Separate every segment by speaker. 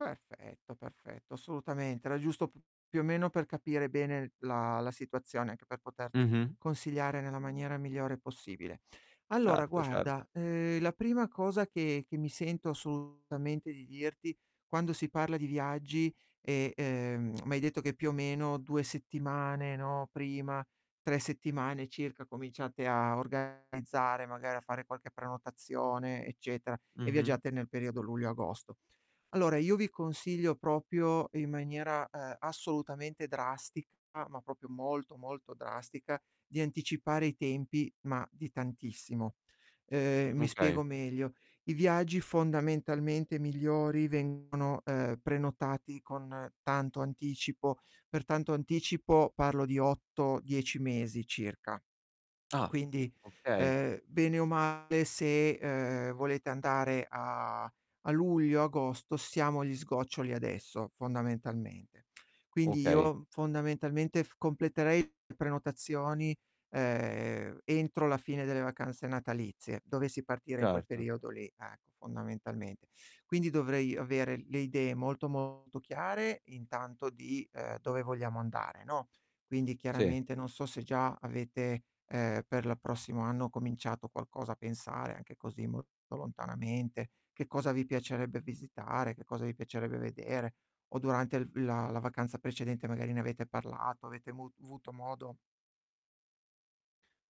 Speaker 1: Perfetto, perfetto, assolutamente. Era giusto p più o meno per capire bene la la situazione, anche per poterti
Speaker 2: Mh-mh.
Speaker 1: consigliare nella maniera migliore possibile. Allora
Speaker 2: Certo, certo.
Speaker 1: guarda, uhm, la prima cosa che che mi sento assolutamente di dirti quando si parla di viaggi, e, uhm, m'hai detto che più o meno 2 settimane, no, prima, 3 settimane circa cominciate a organizzare magari a fare qualche prenotazione eccetera, e
Speaker 2: Mh-mh.
Speaker 1: viaggiate nel periodo luglio, agosto. Allora io vi consiglio proprio in maniera, ehm, assolutamente drastica ma proprio molto, molto drastica, di anticipare i tempi, ma di tantissimo. Uhm, mi
Speaker 2: Okay.
Speaker 1: spiego meglio: i viaggi fondamentalmente migliori vengono, uhm, prenotati con tanto anticipo, per tanto anticipo, parlo di 8-10 mesi circa.
Speaker 2: Ah,
Speaker 1: Quindi,
Speaker 2: okay.
Speaker 1: ehm, bene o male se, ehm, volete andare a a luglio, agosto siamo agli sgoccioli adesso, fondamentalmente. Quindi
Speaker 2: Okay.
Speaker 1: io, fondamentalmente, f completerei le prenotazioni, ehm, entro la fine delle vacanze natalizie, dovessi partire in quel
Speaker 2: Certo.
Speaker 1: periodo lì, ecco, fondamentalmente. Quindi dovrei avere le idee molto, molto chiare intanto di, uhm, dove vogliamo andare, no. Quindi
Speaker 2: Sì.
Speaker 1: chiaramente non so se già avete, ehm, per l prossimo anno cominciato qualcosa a pensare, anche così, molto lontanamente, che cosa vi piacerebbe visitare, che cosa vi piacerebbe vedere. O durante il v la la vacanza precedente magari ne avete parlato, avete mu avuto modo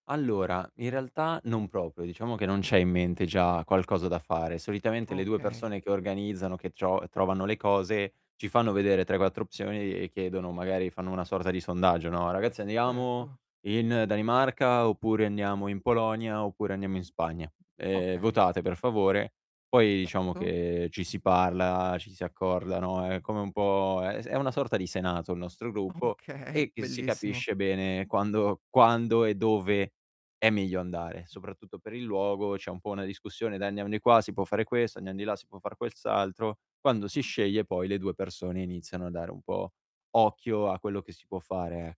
Speaker 2: Allora, in realtà non proprio, diciamo che non c'è in mente già qualcosa da fare. Solitamente le 2
Speaker 1: Okay.
Speaker 2: persone che organizzano, che tro trovano le cose ci fanno vedere 3-4 opzioni e chiedono magari, fanno una sorta di sondaggio, no: "Ragazzi andiamo
Speaker 1: Certo.
Speaker 2: in Danimarca, oppure andiamo in Polonia, oppure andiamo in Spagna, ehm,
Speaker 1: Okay.
Speaker 2: votate per favore." Poi diciamo
Speaker 1: Certo.
Speaker 2: che ci si parla, ci si accorda, no, è come un po' è s è una sorta di senato il nostro gruppo
Speaker 1: Okay,
Speaker 2: e e si
Speaker 1: bellissimo.
Speaker 2: capisce bene quando quando e dove è meglio andare, soprattutto per il luogo c'è un po' una discussione: "Dai andiamo di qua si può fare questo, andiam di là si può fare quel s altro." Quando si sceglie poi le 2 persone iniziano a dare un po' occhio a quello che si può fare e